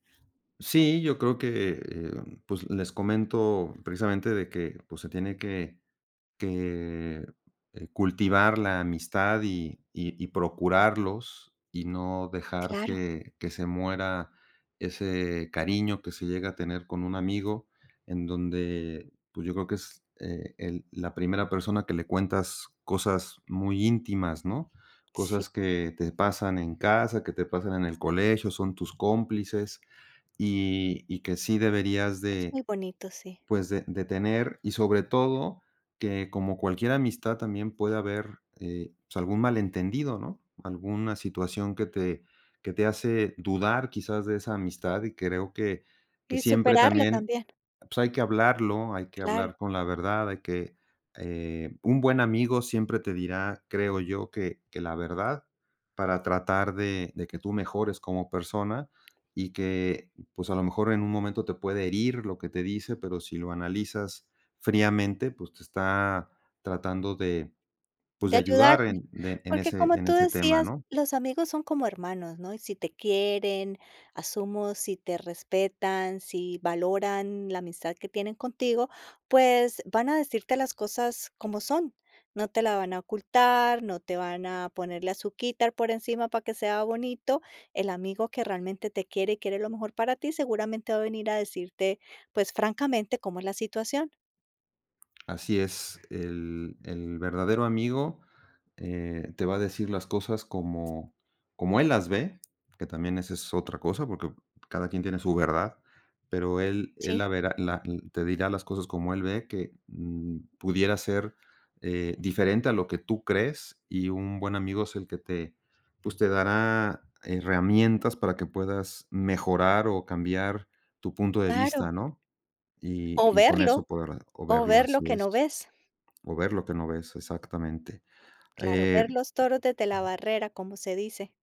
Sí, yo creo que, e eh, pues les comento precisamente de que, pues se tiene que que, eh, cultivar la amistad y y y procurarlos, y no dejar Claro. que que se muera ese cariño que se llega a tener con un amigo, en donde, pues yo creo que es e el la primera persona que le cuentas cosas muy íntimas, ¿no?, Sí. cosas que te pasan en casa, que te pasan en el colegio, son tus cómplices -y y que sí deberías Es de muy bonito, sí. pues de de tener y sobre todo que, como cualquier amistad también puede haber, eh, pues algún malentendido, ¿no?, alguna situación que te que te hace dudar quizás de esa amistad y creo que que Y siempre superarlo también, también. pues hay que hablarlo, hay que Claro. hablar con la verdad, hay que, eh un buen amigo siempre te dirá, creo yo, que que la verdad para tratar de de que tú mejores como persona y que, pues a lo mejor en un momento te puede herir lo que te dice, pero si lo analizas fríamente, pues te está tratando de pues De de ayudar ayudarte, en de en porque ese como en tú ese tema, decías ¿no? los amigos son como hermanos, ¿no?, y si te quieren asumo, si te respetan, si valoran la amistad que tienen contigo, pues van a decirte las cosas como son, no te la van a ocultar, no te van a ponerle azuquítar por encima para que sea bonito. El amigo que realmente te quiere y quiere lo mejor para ti seguramente va a venir a decirte, pues, francamente, cómo es la situación. Así es, el el verdadero amigo, eh, te va a decir las cosas como como él las ve que también esa es otra cosa, porque cada quien tiene su verdad, pero él él la Sí. verá, la te dirá las cosas como él ve, que, mm, pudiera ser, eh, diferente a lo que tú crees y un buen amigo es el que te pues te dará herramientas para que puedas mejorar o cambiar tu punto de vista, Claro. ¿no?, y O y con eso verlo, podrá o o verlo ver lo así que no es, ves. o ver lo que no ves exactamente, Claro, ver eh los toros desde la barrera, como se dice.